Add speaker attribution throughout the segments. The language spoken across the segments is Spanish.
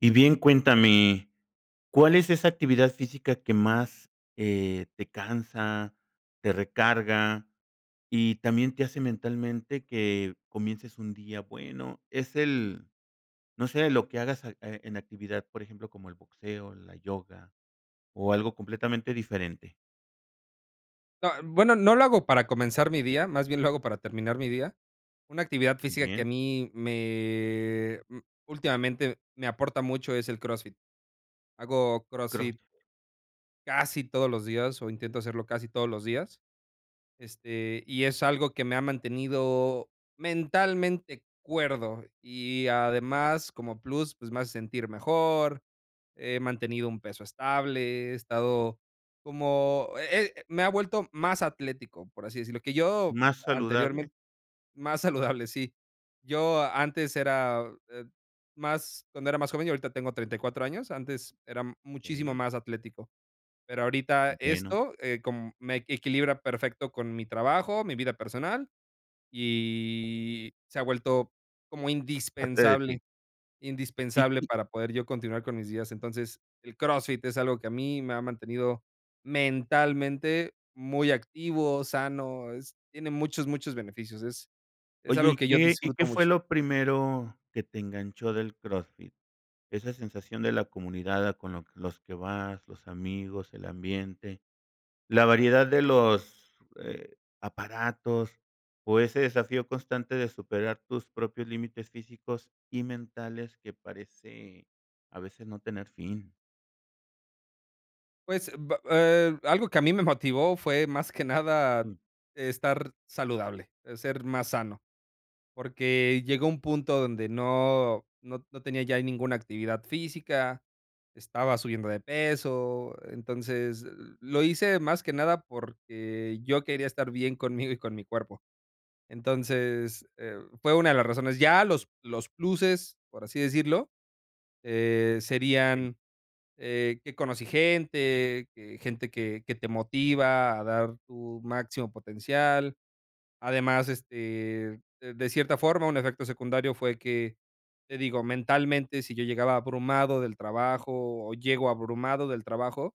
Speaker 1: Y bien cuéntame, ¿cuál es esa actividad física que más, eh, te cansa, te recarga y también te hace mentalmente que comiences un día bueno? Es el, no sé, lo que hagas al, eh, en actividad, por ejemplo, como el boxeo, la yoga o algo completamente diferente.
Speaker 2: No, bueno, no lo hago para comenzar mi día, más bien lo hago para terminar mi día. Una actividad física que a
Speaker 1: Bien.
Speaker 2: mí me, mm, últimamente me aporta mucho es el CrossFit. Hago CrossFit
Speaker 1: Crossfit.
Speaker 2: casi todos los días, o intento hacerlo casi todos los días, este, y es algo que me ha mantenido mentalmente cuerdo y además, como plus, pues, me hace sentir mejor, he mantenido un peso estable, he estado como, eh eh, me ha vuelto más atlético, por así decirlo, que yo
Speaker 1: ¿Más saludable?
Speaker 2: anteriormente más saludable, sí, yo antes era, eh, más cuando era más joven, yo ahorita tengo 34 años, antes era muchísimo
Speaker 1: Sí.
Speaker 2: más atlético, pero, ahorita
Speaker 1: Bueno.
Speaker 2: esto, eh, com me equilibra perfecto con mi trabajo, mi vida personal, y se ha vuelto como
Speaker 1: Parte de ti.
Speaker 2: indispensable
Speaker 1: Y
Speaker 2: indispensable
Speaker 1: y
Speaker 2: para poder yo continuar con mis días. Entonces, el CrossFit es algo que a mí me ha mantenido mentalmente muy activo, sano, es tiene muchos, muchos beneficios. Es es
Speaker 1: Oye,
Speaker 2: algo
Speaker 1: ¿y
Speaker 2: que yo
Speaker 1: qué y
Speaker 2: disfruto
Speaker 1: qué fue
Speaker 2: mucho.
Speaker 1: lo primero que te enganchó del CrossFit? Esa sensación de la comunidad, ah, con lo los que vas, los amigos, el ambiente, la variedad de los, eh, aparatos o ese desafío constante de superar tus propios límites físicos y mentales, que parece a veces no tener fin.
Speaker 2: Pues, b eh, algo que a mí me motivó fue, más que nada,
Speaker 1: Sí.
Speaker 2: estar saludable, eh, ser más sano, porque, llegó un punto donde no no no tenía ya ninguna actividad física, estaba subiendo de peso, entonces, lo hice más que nada, porque, yo quería estar bien conmigo y con mi cuerpo. Entonces, eh, fue una de las razones. Ya los los pluses, por así decirlo, eh,
Speaker 1: Sí.
Speaker 2: serían, eh, que conocí gente, que gente que que te motiva a dar tu máximo potencial. Además, este, de de cierta forma, un efecto secundario fue que, te digo, mentalmente, si yo llegaba abrumado del trabajo, o llego abrumado del trabajo,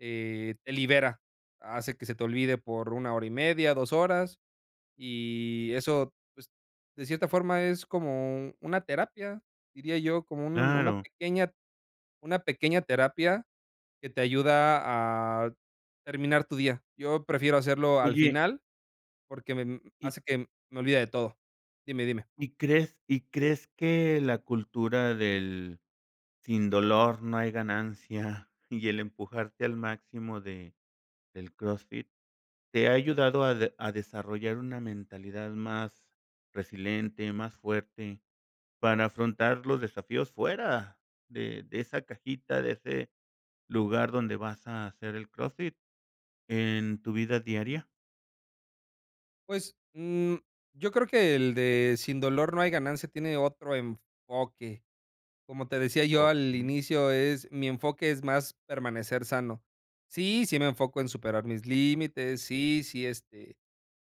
Speaker 2: eh, te libera, hace que se te olvide por 1 hora y media, 2 horas, y eso, pues, de cierta forma, es como una terapia, diría yo, como un un una
Speaker 1: Claro.
Speaker 2: pequeña una pequeña terapia, que te ayuda a terminar tu día. Yo prefiero hacerlo al
Speaker 1: Oye
Speaker 2: final porque me mm,
Speaker 1: Y
Speaker 2: hace que me olvide de todo. Dime, dime.
Speaker 1: ¿Y crees y crees que la cultura del sin dolor no hay ganancia y el empujarte al máximo de del CrossFit te ha ayudado a de a desarrollar una mentalidad más resiliente, más fuerte, para afrontar los desafíos fuera de de esa cajita, de ese lugar donde vas a hacer el CrossFit en tu vida diaria?
Speaker 2: Pues, mm, yo creo que el de sin dolor no hay ganancia, tiene otro enfoque. Como te decía yo al
Speaker 1: Okey.
Speaker 2: inicio es mi enfoque es más permanecer sano. Sí, sí me enfoco en superar mis límites. Sí sí, este,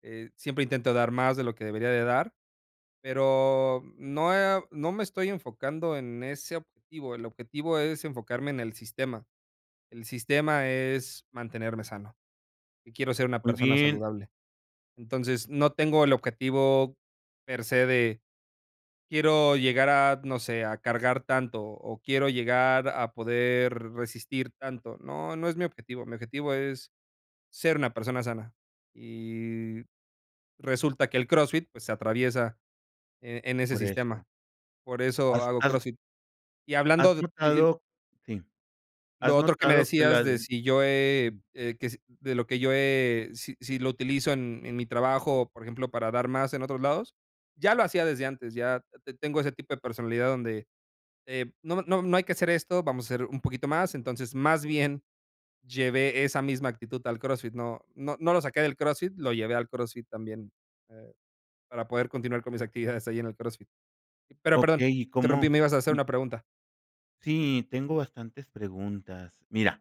Speaker 2: eh, siempre intento dar más de lo que debería de dar. Pero no, eh, o no me estoy enfocando en ese objetivo. El objetivo es enfocarme en el sistema. El sistema es mantenerme sano. Y quiero ser una
Speaker 1: Muy
Speaker 2: persona
Speaker 1: bien.
Speaker 2: saludable, entonces, no tengo el objetivo per se de quiero llegar a, no sé, a cargar tanto, o quiero llegar a poder resistir tanto. No, no es mi objetivo, mi objetivo es ser una persona sana. Y resulta que el CrossFit, pues, se atraviesa, eh, en ese
Speaker 1: Por eso.
Speaker 2: sistema. Por eso
Speaker 1: Has
Speaker 2: hago
Speaker 1: has
Speaker 2: CrossFit. Y
Speaker 1: ¿Has
Speaker 2: hablando de di
Speaker 1: notado? Sí, ¿has
Speaker 2: Lo otro que me
Speaker 1: notado que la
Speaker 2: decías
Speaker 1: e?
Speaker 2: de si yo he,
Speaker 1: Mm.
Speaker 2: eh, que si de lo que yo, eh, si si lo utilizo en en mi trabajo, o por ejemplo, para dar más en otros lados, ya lo hacía desde antes, ya te tengo ese tipo de personalidad donde, eh, no no no hay que hacer esto, vamos a hacer un poquito más, entonces, más bien llevé esa misma actitud al CrossFit, no no no lo saqué del CrossFit, lo llevé al CrossFit también, eh, para poder continuar con mis actividades ahí en el CrossFit. Pero, perdón,
Speaker 1: Okey, ¿y cómo?
Speaker 2: interrumpí, me ibas a hacer
Speaker 1: Y
Speaker 2: una pregunta.
Speaker 1: Sí, tengo bastantes preguntas. Mira,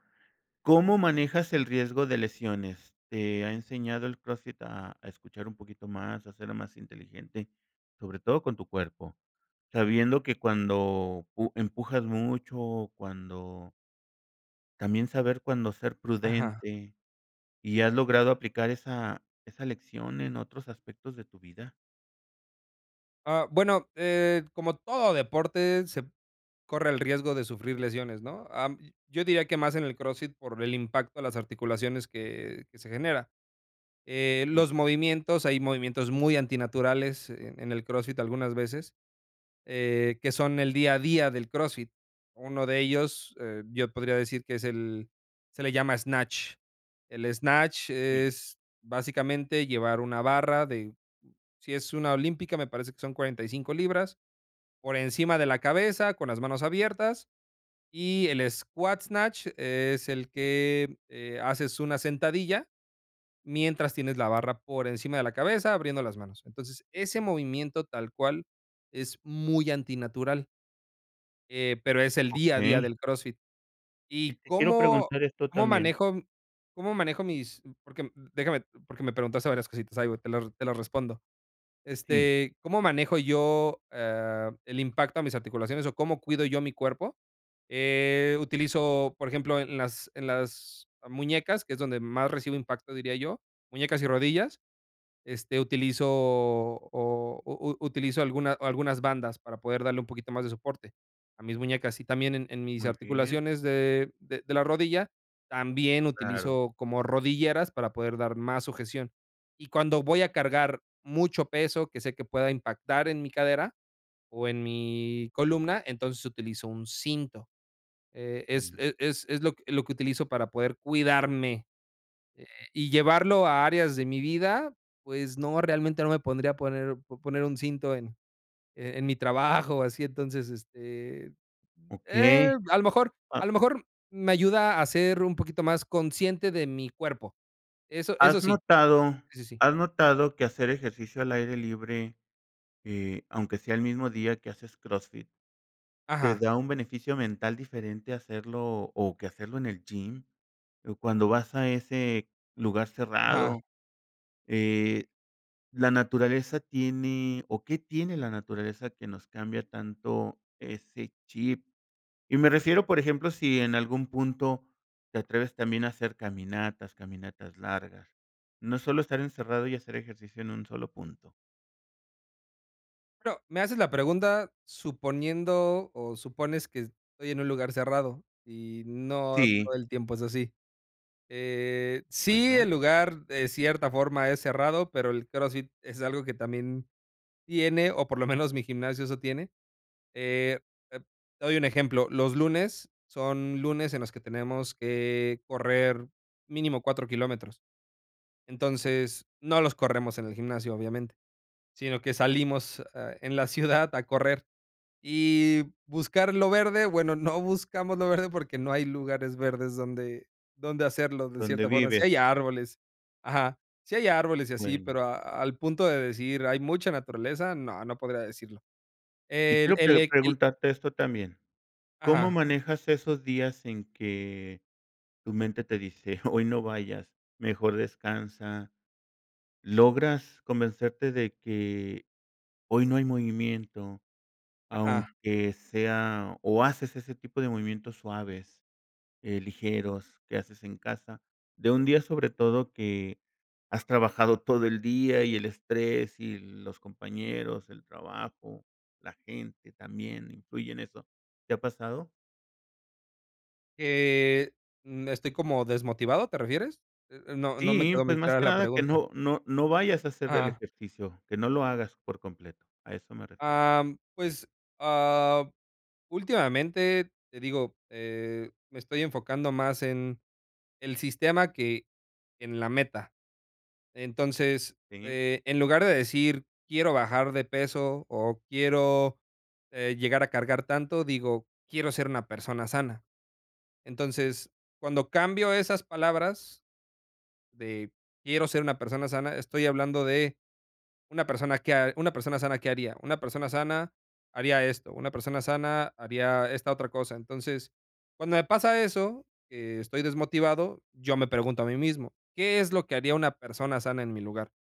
Speaker 1: ¿cómo manejas el riesgo de lesiones? ¿Te ha enseñado el CrossFit, a a escuchar un poquito más, a ser más inteligente? Sobre todo con tu cuerpo, sabiendo que cuando pu empujas mucho, o cuando también, saber cuándo ser
Speaker 2: Ajá.
Speaker 1: prudente y, ¿has logrado aplicar esa esa lección en otros aspectos de tu vida?
Speaker 2: Ah, bueno, eh, como todo deporte, se corre el riesgo de sufrir lesiones, ¿no?, ah, mm, yo diría que más en el CrossFit por el impacto a las articulaciones que que se genera, eh,
Speaker 1: Mm.
Speaker 2: los movimientos hay movimientos muy antinaturales en en el Crossfit algunas veces, eh, que son el día a día del Crossfit. Uno de ellos, eh, yo podría decir que es el se le llama snatch. El snatch
Speaker 1: Sí.
Speaker 2: es básicamente, llevar una barra de si es una olímpica, me parece que son 45 libras, por encima de la cabeza, con las manos abiertas, y el squat snatch es el que, eh, haces una sentadilla, mientras tienes la barra por encima de la cabeza, abriendo las manos. Entonces, ese movimiento tal cual, es muy antinatural. Eh, pero es el día a día
Speaker 1: Okey.
Speaker 2: del Crossfit,
Speaker 1: Y
Speaker 2: ¿y
Speaker 1: te quiero
Speaker 2: cómo
Speaker 1: preguntar esto
Speaker 2: cómo
Speaker 1: también.
Speaker 2: manejo cómo manejo mis-?, porque déjame porque me preguntaste varias cositas, ahí voy, te las te las respondo.
Speaker 1: Sí.
Speaker 2: Este, ¿cómo manejo yo, eh, el impacto a mis articulaciones o cómo cuido yo a mi cuerpo?, eh, utilizo, por ejemplo, en las en las muñecas, que es donde más recibo impacto diría yo, muñecas y rodillas, este utilizo o o u utilizo alguna algunas bandas para poder darle un poquito más de soporte, a mis muñecas, y también en en mis
Speaker 1: Muy bien.
Speaker 2: articulaciones de de de la rodilla, también
Speaker 1: Claro.
Speaker 2: utilizo como rodilleras para poder dar más sujeción. Y cuando voy a cargar mucho peso, que sé que pueda impactar en mi cadera, o en mi columna, entonces, utilizo un cinto. E es
Speaker 1: Mm.
Speaker 2: e es es lo que lo que utilizo para poder cuidarme, eh, y, ¿llevarlo a áreas de mi vida?, pues no, realmente, no me podría poner po poner un cinto en en mi trabajo, así entonces, este, eh,
Speaker 1: Okey.
Speaker 2: a lo mejor a
Speaker 1: Ha
Speaker 2: lo mejor, me ayuda a ser un poquito más consciente de mi cuerpo. Eso eso
Speaker 1: ¿Has
Speaker 2: sí.
Speaker 1: notado
Speaker 2: Sí, sí, sí.
Speaker 1: has notado que hacer ejercicio al aire libre, eh, aunque sea el mismo día que haces Crossfit, te
Speaker 2: Ajá.
Speaker 1: da un beneficio mental diferente hacerlo o que hacerlo en el gym?, o cuando vas a ese lugar
Speaker 2: Ajá.
Speaker 1: cerrado, eh, la naturaleza tiene o, ¿qué tiene la naturaleza que nos cambia tanto ese chip?, y me refiero, por ejemplo, si en algún punto te atreves también, a hacer caminatas, caminatas largas. No solo estar encerrado y hacer ejercicio en un solo punto.
Speaker 2: Bueno, me haces la pregunta suponiendo, o supones que estoy en un lugar cerrado y no
Speaker 1: Sí.
Speaker 2: todo el tiempo es así. Eh, sí, el
Speaker 1: Bueno.
Speaker 2: lugar de cierta forma es cerrado, pero, el CrossFit es algo que también tiene, o por lo menos mi gimnasio eso tiene, eh, te te doy un ejemplo, los lunes, son lunes en los que tenemos que correr mínimo 4 kilómetros, entonces, no los corremos en el gimnasio, obviamente, sino que salimos, eh, en la ciudad a correr y buscar lo verde, bueno, no buscamos lo verde porque, no hay lugares verdes donde donde hacerlo de cierta
Speaker 1: Donde
Speaker 2: forma, sí hay
Speaker 1: vives.
Speaker 2: árboles ajá. Sí hay árboles y así,
Speaker 1: Bueno.
Speaker 2: pero a al punto de decir: "Hay mucha naturaleza", no no podría decirlo.
Speaker 1: Y
Speaker 2: El,
Speaker 1: quiero
Speaker 2: el
Speaker 1: pre
Speaker 2: el
Speaker 1: preguntarte esto también, ¿cómo
Speaker 2: Ajá.
Speaker 1: manejas esos días en que tu mente te dice, hoy no vayas, mejor descansa? ¿Logras convencerte de que hoy no hay movimiento,
Speaker 2: Ajá.
Speaker 1: aunque sea o haces ese tipo de movimientos suaves, eh, ligeros, que haces en casa? De un día, sobre todo, que has trabajado todo el día y el estrés y los compañeros, el trabajo, la gente también influye en eso, ¿te ha pasado?
Speaker 2: Eh, mm, estoy como desmotivado, ¿te refieres? Eh eh, no no me
Speaker 1: Sí,
Speaker 2: quedó
Speaker 1: pues
Speaker 2: muy
Speaker 1: más
Speaker 2: clara
Speaker 1: que
Speaker 2: la
Speaker 1: nada que
Speaker 2: pregunta.
Speaker 1: no no no vayas a hacer el
Speaker 2: Ah.
Speaker 1: ejercicio, que no lo hagas por completo, a eso me refiero.
Speaker 2: Am, pues, ah, últimamente, te digo, eh, me estoy enfocando más en el sistema que en la meta. Entonces,
Speaker 1: Sí.
Speaker 2: eh, en lugar de decir quiero bajar de peso, o quiero, eh, llegar a cargar tanto digo, quiero ser una persona sana. Entonces, cuando cambio esas palabras de quiero ser una persona sana, estoy hablando de una persona que ha una persona sana, ¿qué haría? Una persona sana, haría esto, una persona sana haría esta otra cosa. Entonces, cuando me pasa eso, que estoy desmotivado, yo me pregunto a mí mismo, ¿qué es lo que haría una persona sana en mi lugar?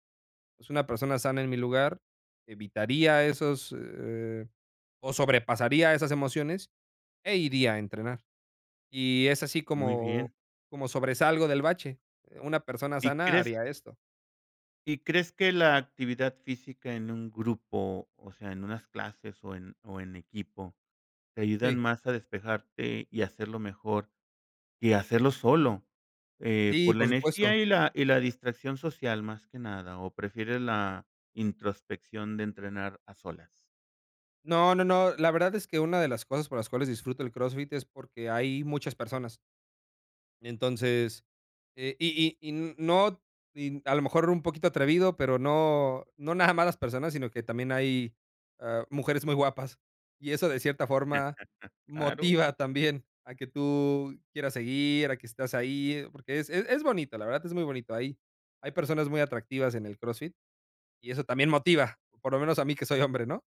Speaker 2: Pues, una persona sana en mi lugar, evitaría esos, eh, o sobrepasaría esas emociones, e iría a entrenar. Y es así
Speaker 1: Muy
Speaker 2: como
Speaker 1: bien.
Speaker 2: como sobresalgo del bache. Eh, una persona
Speaker 1: ¿Y
Speaker 2: sana
Speaker 1: crees?
Speaker 2: haría esto.
Speaker 1: ¿Y crees que la actividad física en un grupo, o sea, en unas clases, o en o en equipo, te ayudan
Speaker 2: Sí.
Speaker 1: más a despejarte y hacerlo mejor que hacerlo solo? Eh,
Speaker 2: Sí,
Speaker 1: por la
Speaker 2: por
Speaker 1: energía
Speaker 2: supuesto.
Speaker 1: y la y la distracción social más que nada, ¿o prefieres la introspección de entrenar a solas?
Speaker 2: No no no, la verdad es que una de las cosas por las cuales disfruto el CrossFit es porque hay muchas personas. Entonces, eh, y y y n no, y mm, a lo mejor un poquito atrevido, pero no no nada más las personas, sino que también hay, ah, mujeres muy guapas, y eso, de cierta forma,
Speaker 1: Claro.
Speaker 2: motiva también a que tú quieras seguir, a que estás ahí, porque es es es bonito, la verdad es muy bonito, hay hay personas muy atractivas en el CrossFit y eso también motiva, por lo menos a mí que soy hombre, ¿no?,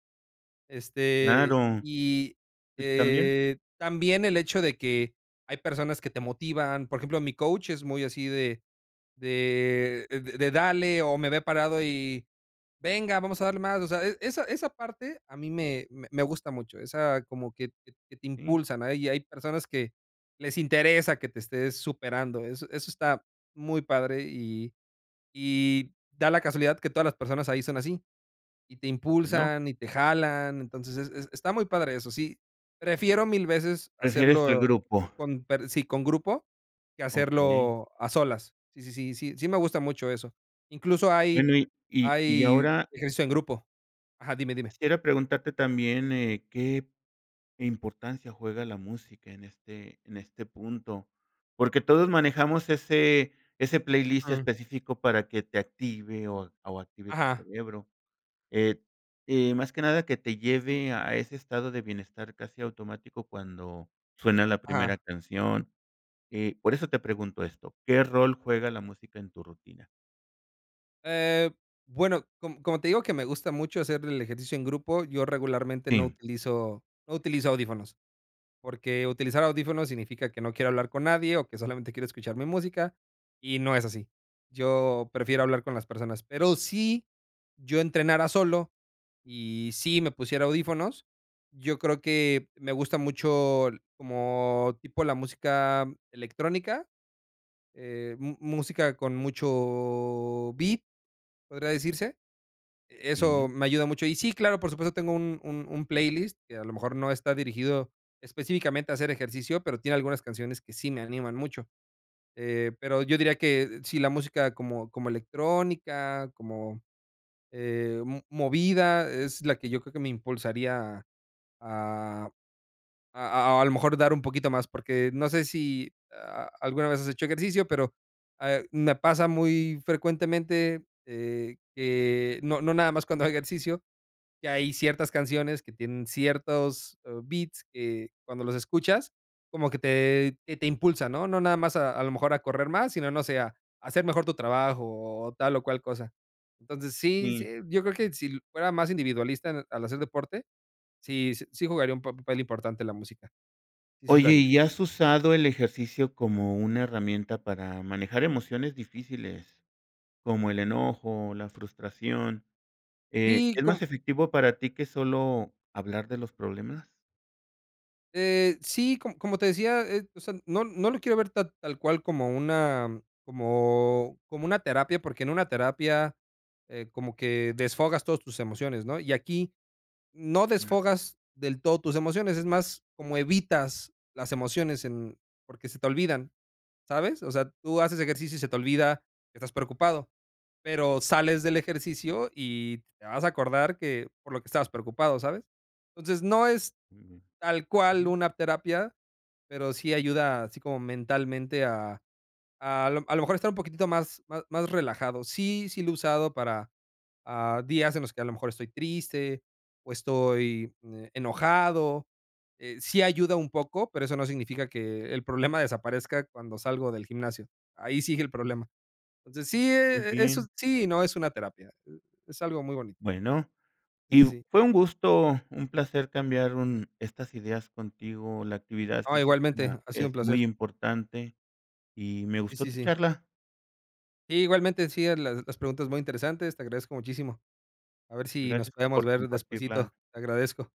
Speaker 2: este,
Speaker 1: Claro,
Speaker 2: y
Speaker 1: t también.
Speaker 2: eh, también el hecho de que hay personas que te motivan, por ejemplo, mi coach es muy así de de de: "Dale" o me ve parado y: "Venga, vamos a darle más", o sea, esa esa parte a mí me me gusta mucho, esa como que que te
Speaker 1: Sí.
Speaker 2: impulsan, hay hay personas que les interesa que te estés superando, eso eso está muy padre y y da la casualidad que todas las personas ahí son así y te
Speaker 1: Bueno.
Speaker 2: impulsan y te jalan, entonces, es es está muy padre eso, sí, prefiero 1000 veces
Speaker 1: Prefieres al
Speaker 2: hacerlo
Speaker 1: grupo.
Speaker 2: con per sí, con grupo, que
Speaker 1: Okey.
Speaker 2: hacerlo a solas, sí sí sí sí sí me gusta mucho eso, incluso hay
Speaker 1: Bueno, y y y
Speaker 2: hay
Speaker 1: ahora
Speaker 2: ejercicio en grupo. Ajá, dime dime.
Speaker 1: quisiera preguntarte también, eh, ¿qué importancia juega la música en este en este punto? Porque todos manejamos ese ese playlist
Speaker 2: Mm.
Speaker 1: específico para que te active o o active tu
Speaker 2: Ajá.
Speaker 1: cerebro, eh eh, más que nada que te lleve a ese estado de bienestar casi automático cuando suena la primera
Speaker 2: Ajá.
Speaker 1: canción, eh, por eso te pregunto esto, ¿qué rol juega la música en tu rutina?
Speaker 2: Eh, bueno, com como te digo que me gusta mucho hacer el ejercicio en grupo, yo regularmente no
Speaker 1: Sí.
Speaker 2: utilizo no utilizo audífonos. Porque, utilizar audífonos significa que no quiero hablar con nadie, o que solamente quiero escuchar mi música, y no es así. Yo prefiero hablar con las personas. Pero si yo entrenara solo y si me pusiera audífonos, yo creo que me gusta mucho como tipo la música electrónica, eh, mu música con mucho beat, podría decirse. Eso
Speaker 1: Sí.
Speaker 2: me ayuda mucho. Y sí, claro, por supuesto, tengo un un un playlist que a lo mejor no está dirigido específicamente a hacer ejercicio, pero, tiene algunas canciones que sí me animan mucho, eh, pero, yo diría que, si la música como como electrónica, como eh, mo movida, es la que yo creo que me impulsaría a a a a a lo mejor dar un poquito más. Porque, no sé, si alguna vez has hecho ejercicio, pero, ah, me pasa muy frecuentemente, eh, que no no nada más cuando hago ejercicio, que hay ciertas canciones que tienen ciertos, eh, beats que cuando los escuchas, como que te que te impulsa, ¿no? No nada más a a lo mejor a correr más, sino no sé, a hacer mejor tu trabajo, o tal o cual cosa. Entonces, sí sí,
Speaker 1: Sí.
Speaker 2: yo creo que si fuera más individualista al hacer deporte, sí sí jugaría un papel importante la música. Sí sí, lo
Speaker 1: Oye,
Speaker 2: haría.
Speaker 1: ¿y has usado el ejercicio como una herramienta para manejar emociones difíciles? Como el enojo, la frustración, eh,
Speaker 2: Sí,
Speaker 1: ¿es
Speaker 2: com
Speaker 1: más efectivo para ti, que solo hablar de los problemas?
Speaker 2: Eh, sí, co como te decía, eh, o sea, no no lo quiero ver tal tal cual, como una como como una terapia, porque, en una terapia, eh, como que desfogas todos tus emociones, ¿no? Y aquí no
Speaker 1: Ujú.
Speaker 2: desfogas del todo tus emociones, es más, como evitas las emociones en porque, se te olvidan, ¿sabes? O sea, tú haces ejercicio y se te olvida que estás preocupado. Pero, sales del ejercicio y te vas a acordar que por lo que estabas preocupado, ¿sabes? Entonces, no es
Speaker 1: Ujú,
Speaker 2: tal cual
Speaker 1: ujú.
Speaker 2: una terapia, pero, sí ayuda así como mentalmente a a lo a lo mejor estar un poquitito más más más relajado. Sí sí lo he usado para, ah, días en los que a lo mejor estoy triste, o estoy, eh, enojado, eh, sí ayuda un poco, pero eso no significa que el problema desaparezca cuando salgo del gimnasio. Ahí sigue el problema. Entonces, sí,
Speaker 1: ¿Con
Speaker 2: eh, e eso
Speaker 1: quién?
Speaker 2: sí, no es una terapia, eh, es algo muy bonito.
Speaker 1: Bueno,
Speaker 2: Sí,
Speaker 1: y
Speaker 2: sí, sí.
Speaker 1: fue un gusto, un placer cambiar un estas ideas contigo, la actividad
Speaker 2: Oh,
Speaker 1: física
Speaker 2: igualmente, ha sido un
Speaker 1: es muy
Speaker 2: placer.
Speaker 1: importante, y me
Speaker 2: Sí,
Speaker 1: gustó
Speaker 2: sí,
Speaker 1: tu
Speaker 2: sí.
Speaker 1: charla.
Speaker 2: Igualmente, en sí a las las preguntas muy interesantes, te agradezco muchísimo, a ver si nos
Speaker 1: Gracias
Speaker 2: podemos
Speaker 1: por
Speaker 2: ver
Speaker 1: compartirla.
Speaker 2: despuesito. Te agradezco.